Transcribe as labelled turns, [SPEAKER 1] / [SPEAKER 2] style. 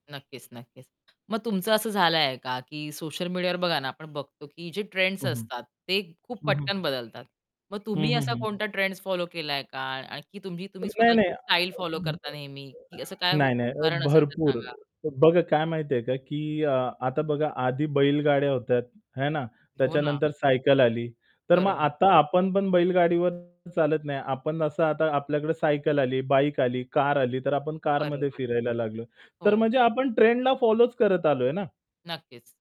[SPEAKER 1] नक्कीच, नक्कीच. मग तुमचं असं झालंय का की सोशल मीडियावर बघा ना आपण बघतो की जे ट्रेंड्स
[SPEAKER 2] हं, हं.
[SPEAKER 1] असतात ते खूप
[SPEAKER 2] हं, हं.
[SPEAKER 1] पटकन बदलतात. मग
[SPEAKER 2] हं,
[SPEAKER 1] तुम्ही
[SPEAKER 2] हं,
[SPEAKER 1] असा
[SPEAKER 2] हं.
[SPEAKER 1] कोणता ट्रेंड्स फॉलो केलाय का? आणखी तुम्ही तुम्ही
[SPEAKER 2] नाही नाही.
[SPEAKER 1] स्वतःची स्टाईल फॉलो करता नेहमी? की असं काय
[SPEAKER 2] नाही, नाही.
[SPEAKER 1] उदाहरण असेल तर
[SPEAKER 2] भरपूर
[SPEAKER 1] सांगा.
[SPEAKER 2] बघा काय माहिती आहे का, की अ, आता बघा आधी बैलगाड्या होत्या, हे ना?
[SPEAKER 1] हो ना.
[SPEAKER 2] त्याच्यानंतर सायकल आली तर मग
[SPEAKER 1] बरोबर.
[SPEAKER 2] आता आपण पण बैलगाडीवर चालत नाही. आपण असं आता आपल्याकडे सायकल आली, बाईक आली, कार आली तर आपण कारमध्ये
[SPEAKER 1] बरोबर.
[SPEAKER 2] फिरायला लागलो. तर
[SPEAKER 1] हो.
[SPEAKER 2] म्हणजे आपण ट्रेंडला फॉलोच करत आलोय ना.
[SPEAKER 1] नक्कीच.